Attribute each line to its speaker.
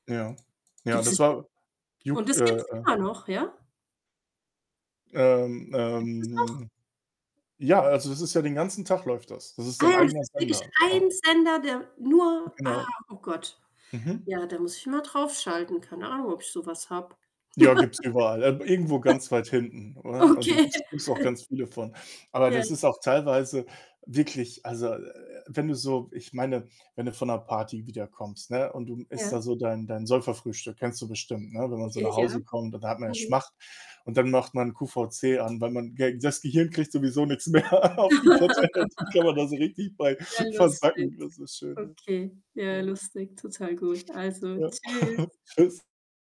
Speaker 1: Ja, ja,
Speaker 2: Gibt's
Speaker 1: das
Speaker 2: das i
Speaker 1: war
Speaker 2: und
Speaker 1: Juk äh,
Speaker 2: das gibt's
Speaker 1: äh
Speaker 2: immer noch, ja?
Speaker 1: Ähm,
Speaker 2: Gibt's das noch?
Speaker 1: ähm ja, also, das ist ja den ganzen Tag läuft das. Das ist
Speaker 2: Ah
Speaker 1: sein
Speaker 2: ja, das
Speaker 1: eigener
Speaker 2: ist wirklich
Speaker 1: Sender,
Speaker 2: ein
Speaker 1: genau.
Speaker 2: Sender, der nur ah,
Speaker 1: Genau.
Speaker 2: oh Gott.
Speaker 1: Mhm.
Speaker 2: Ja, da muss ich mal drauf schalten, keine Ahnung, ob ich so was habe.
Speaker 1: Ja, gibt's überall, ähm, irgendwo ganz weit hinten, oder? Und den
Speaker 2: Okay.
Speaker 1: gibt's gibt's auch ganz viele von. Aber
Speaker 2: Ja.
Speaker 1: das ist auch teilweise wirklich also, wenn du so ich meine, wenn du von 'ner Party wiederkommst, ne, und du, hm, isst da
Speaker 2: Ja.
Speaker 1: so dein dein Säuferfrühstück, kennst du bestimmt, ne, wenn man so
Speaker 2: Ja,
Speaker 1: nach
Speaker 2: ja.
Speaker 1: Hause kommt, dann hat man ja
Speaker 2: Mhm.
Speaker 1: Schmacht und dann macht man QVC an, weil man ge das Gehirn kriegt sowieso nix mehr auf die Kette halt und kann man da so richtig bei
Speaker 2: Ja, lustig.
Speaker 1: versacken. Das ist schön,
Speaker 2: Okay.
Speaker 1: ja.
Speaker 2: Ja,
Speaker 1: Ja.
Speaker 2: lustig, total gut. Also,
Speaker 1: Ja.
Speaker 2: tschüss.
Speaker 1: Tschüss.